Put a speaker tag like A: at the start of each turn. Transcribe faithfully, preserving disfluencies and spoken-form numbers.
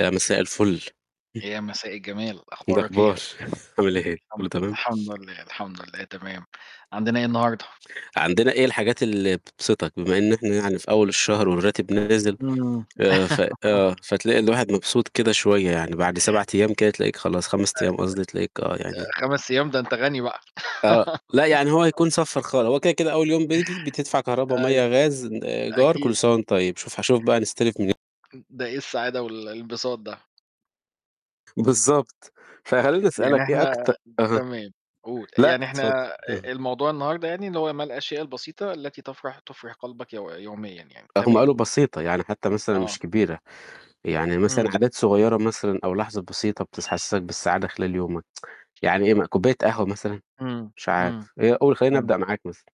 A: يا مساء الفل. [unintelligible]
B: يا مساء الجمال،
A: إيه
B: أخبارك إيه؟
A: الأخبار؟ عامل إيه؟
B: الحم
A: كله تمام؟
B: الحمد لله، الحمد لله تمام. عندنا إيه النهارده؟
A: عندنا إيه الحاجات اللي بتبسطك؟ بما إن إحنا يعني في أول الشهر والراتب نازل،
B: امم
A: آآ، ف آه فتلاقي الواحد مبسوط كده شوية يعني، بعد سبع أيام كده تلاقيك خلاص، خمس
B: [unintelligible]
A: أيام قصدي تلاقيك آه، يعني
B: آآ خمس أيام! ده أنت غَنِي بقى.
A: آه، لأ يعني هو هيكون صفَّر خالص. هو كده كده أول يوم بييجي بتدفع كهربا،
B: أيوة،
A: مَيَّة، غاز، آآ إيجار
B: أكيد.
A: كل سنة وأنت طيب. شوف هاشوف بقى نستلف مني
B: امم، ده إيه السعادة وال الانبساط ده؟
A: بالضبط. فخليني
B: يعني
A: أسألك إيه
B: إحنا
A: أكت أها.
B: تمام، قُل،
A: لأ
B: يعني
A: اتفضل.
B: إحنا أ
A: اهم.
B: الموضوع النهاردة يعني اللي هو ما الأشياء البسيطة التي تَفرَح تُفرِح قلبك يو يوميًا يعني؟
A: آآ، هم
B: تمام.
A: قالوا بسيطة، يعني حتى مثلًا مش
B: آه.
A: كبيرة. يعني مثلًا
B: امم.
A: عادات صغيرة مثلًا أو لحظة بسيطة بتس حسسك بالسعادة خلال يومك. يعني إيه م كوباية قهوة مثلًا؟
B: امم،
A: مش عارف.
B: امم،
A: أ قُل خلِّيني
B: امم.
A: أبدأ معاك مثلًا.